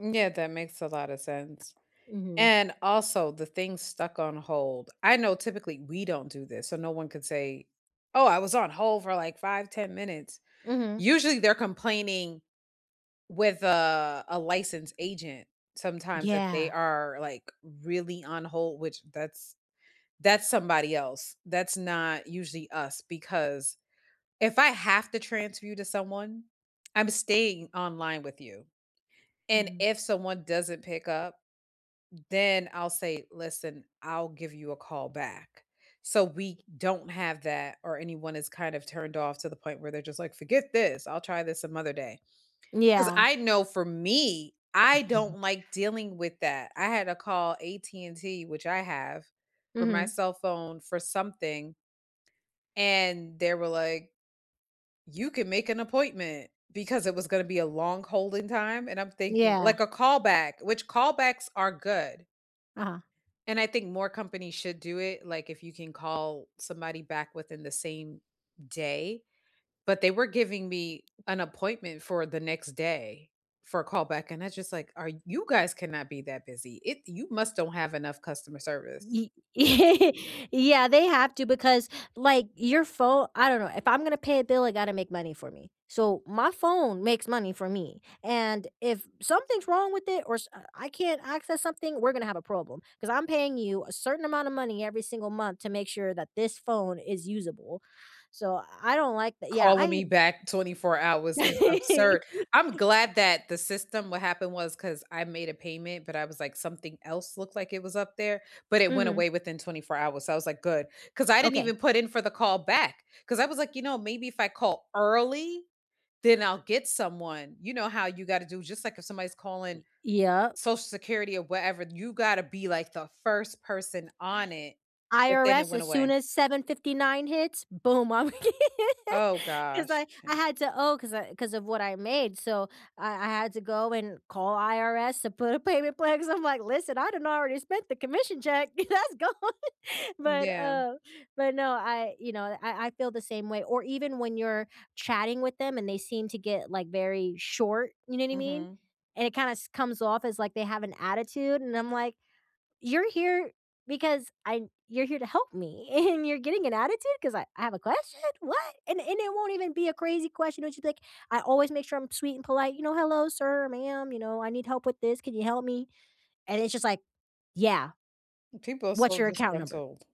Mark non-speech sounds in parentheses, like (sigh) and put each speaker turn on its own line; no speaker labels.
M yeah, that makes a lotta sense.
Mhm.
And also the thing stuck on hold. I know typically we don't do this, so no one could say, "Oh, I was on hold for like 5, 10 minutes."
Mhm.
Usually they're complaining with, uh, a licensed agent, sometimes that they
Yeah.
are, like, really on hold, which that's that's somebody else. That's not usually us because if I have to transfer you to someone, I'm staying online with you. And
Mhm.
if someone doesn't pick up, then I'll say, "Listen, I'll give you a call back." So we don't have that or anyone is kind of turned off to the point where they're just, like, "Forget this, I'll try this some other day,"
N
'cause
yeah.
I know for me, I don't
(unintelligible)
like dealing with that. I had to call AT&T, which I have for my
Mhm.
cell phone for something and they were, like, "You can make an appointment" because it was gonna be a long holding time and I'm thinking
Yeah.
like a callback, which callbacks are good
Uh-huh.
and I think more companies should do it, like, if you can call somebody back within the same day, but, they were giving me an appointment for the next day for a callback and that's just, like, "Are you guys cannot be that busy. It you must don't have enough customer service."
Y (chuckles) yeah, they have to because, like, your phone I don't know, if I'm gonna pay a bill, it gotta make money for me. So my phone makes money for me, and if something's wrong with it or s I can't access something, we're gonna have a problem, 'cause I'm paying you a certain amount of money every single month to make sure that this phone is usable. So I don't like tha yeah,
Calling
I
me back 24 hours is absurd.
(chuckles)
I'm glad that the system what happened was, 'cause I made a payment, but, I was, like, something else looked like it was up there, but, it went
Mhm.
away within 24 hours, so I was, like, "Good," 'cause I didn't
Okay.
even put in for the call back 'cause I was, like, "You know, maybe if I call early then I'll get someone," you know how you gotta do just like if somebody's calling
Y yeah.
Social Security or whatever, you gotta be like the first person on it, but, then it
IRS
went
as soon
away.
as 7:59 hits, boom, I (chuckles) 'm g
Oh,
'Cause
gosh.
I I had to owe 'cause I 'cause of what I made, so I I had to go and call IRS to put a payment plan 'cause I'm, like, "Listen, I done already spent the commission check, that's gone,"
M
but,
yeah.
uh but, no, I you know, I I feel the same way, or even when you're chatting with them and they seem to get, like, very short, you know what I mean?
Mhm.
And it kinda s comes off as like they have an attitude, and I'm, like, "You're here because I you're here to help me, (chuckles) and you're getting an attitude 'cause I I have a question? What?" And and it won't even be a crazy question when she's, like I always make sure I'm sweet and polite, you know, "Hello sir, ma'am, you know, I need help with this, can you help me?" And it's just, like, "Yeah.
People are so
What's your account number?"
disgruntled.